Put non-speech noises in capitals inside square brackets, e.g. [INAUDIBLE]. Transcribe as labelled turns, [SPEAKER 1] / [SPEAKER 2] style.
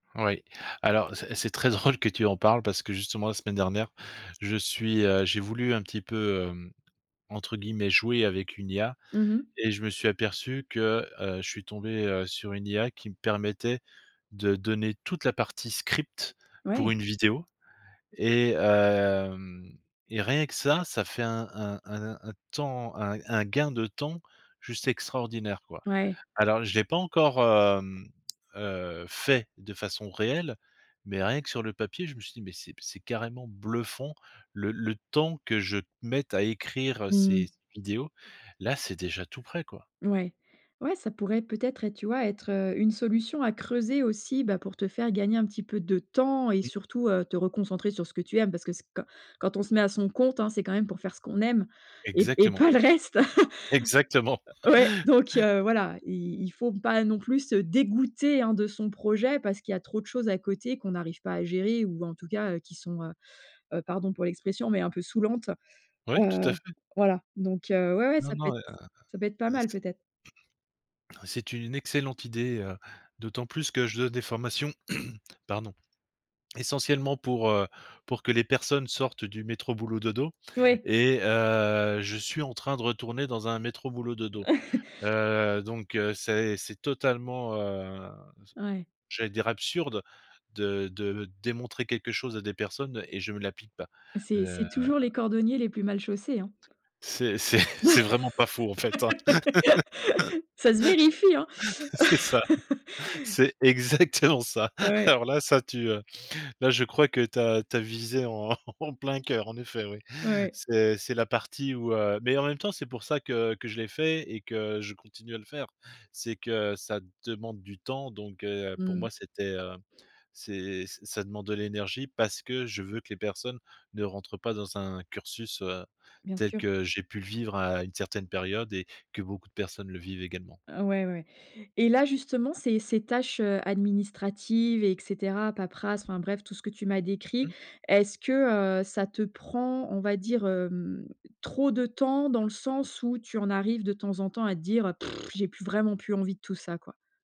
[SPEAKER 1] Oui, alors c'est c'est très drôle que tu en parles, parce que, justement, la semaine dernière, je suis, heu j'ai voulu, un petit peu, hem, entre guillemets: «jouer», avec une IA
[SPEAKER 2] Mmh mh.
[SPEAKER 1] et je me suis aperçu que, heu, je suis tombé, heu, sur une IA qui me permettait de donner toute la partie script
[SPEAKER 2] Ouais!
[SPEAKER 1] pour une vidéo, et hem, et rien que ça, ça fait un un un un temps, un un gain de temps juste extraordinaire, quoi.
[SPEAKER 2] Ouais!
[SPEAKER 1] Alors, je l'ai pas encore, hem, heu, fait de façon réelle, mais rien que sur le papier, je me suis dit: «Mais c'est p c'est carrément bluffant, le le temps que je mette à écrire
[SPEAKER 2] Mmh
[SPEAKER 1] ces
[SPEAKER 2] mh.
[SPEAKER 1] ces vidéos, là, c'est déjà tout prêt, quoi».
[SPEAKER 2] Mouais, ouais, ça pourrait, peut-être, être, tu vois, être, heu, une solution à creuser aussi, bah, pour te faire gagner un petit peu de temps et
[SPEAKER 1] Mmh.
[SPEAKER 2] surtout, heu, te reconcentrer sur ce que tu aimes. Parce que c'est qua quand on se met à son compte, hein, c'est quand même, pour faire ce qu'on aime et p et
[SPEAKER 1] Exactement.
[SPEAKER 2] pas le reste!
[SPEAKER 1] Exactement!
[SPEAKER 2] [LAUGHS] Ouais, donc,
[SPEAKER 1] [CHUCKLES]
[SPEAKER 2] heu, voilà, i il faut pas, non plus, se dégoûter, hein, de son projet, parce qu'il y a trop de choses à côté qu'on n'arrive pas à gérer ou, en tout cas, heu, qui sont, heu heu, pardon pour l'expression, mais un peu saoulantes.
[SPEAKER 1] Oui,
[SPEAKER 2] Heu,
[SPEAKER 1] tout à fait.
[SPEAKER 2] voilà, donc, heu, ouais, ouais,
[SPEAKER 1] Non,
[SPEAKER 2] ça peut
[SPEAKER 1] non,
[SPEAKER 2] être
[SPEAKER 1] heu
[SPEAKER 2] ça peut être pas
[SPEAKER 1] heu,
[SPEAKER 2] mal,
[SPEAKER 1] c'est
[SPEAKER 2] peut-être.
[SPEAKER 1] [CLEARS THROAT] c'est une excellente idée, heu, d'autant plus que je donne des formations, [CLEARS THROAT] pardon, essentiellement pour, heu, pour que les personnes sortent du métro-boulot-dodo,
[SPEAKER 2] Oui!
[SPEAKER 1] et heu, je suis en train de retourner dans un métro-boulot-dodo,
[SPEAKER 2] [CHUCKLES]
[SPEAKER 1] heu. Donc, heu, c'est c'est totalement, heu, ze
[SPEAKER 2] Ouais.
[SPEAKER 1] j'allais dire absurde de de démontrer quelque chose à des personnes et je me l'applique pas.
[SPEAKER 2] C'est c'est
[SPEAKER 1] Heu
[SPEAKER 2] toujours les cordonniers les plus mal chaussés, hein?
[SPEAKER 1] C'est c'est c'est vraiment pas faux, en fait, hein?
[SPEAKER 2] [LAUGHS] Ça se vérifie, hein?
[SPEAKER 1] [LAUGHS] C'est ça,
[SPEAKER 2] [LAUGHS]
[SPEAKER 1] c'est exactement ça.
[SPEAKER 2] Ouais.
[SPEAKER 1] Alors là, ça, tu, heu, là, je crois que tu as tu as visé en en plein cœur, en effet, oui.
[SPEAKER 2] Ouais, ouais.
[SPEAKER 1] C'est c'est la partie où, heu mais, en même temps, c'est pour ça que que je l'ai fait et que je continue à le faire. C'est que ça demande du temps donc, heu, pour moi
[SPEAKER 2] Mmh.
[SPEAKER 1] c'était, heu, c'est ç ça demande de l'énergie parce que je veux que les personnes ne rentrent pas dans un cursus, heu,
[SPEAKER 2] Bien
[SPEAKER 1] tel
[SPEAKER 2] sûr.
[SPEAKER 1] que j'ai pu le vivre à une certaine période et que beaucoup de personnes le vivent également.
[SPEAKER 2] Ouais, ouais, ouais. Et là, justement, ces ces tâches, heu, administratives et cetera, paperasse, enfin bref, tout ce que tu m'as décrit,
[SPEAKER 1] Mmh.
[SPEAKER 2] est-ce que, heu, ça te prend, on va dire, hem, trop de temps? Dans le sens où tu en arrives, de temps en temps, à te dire: [LIP TRILL] «J'ai plus vraiment, plus envie de tout ça, quoi»?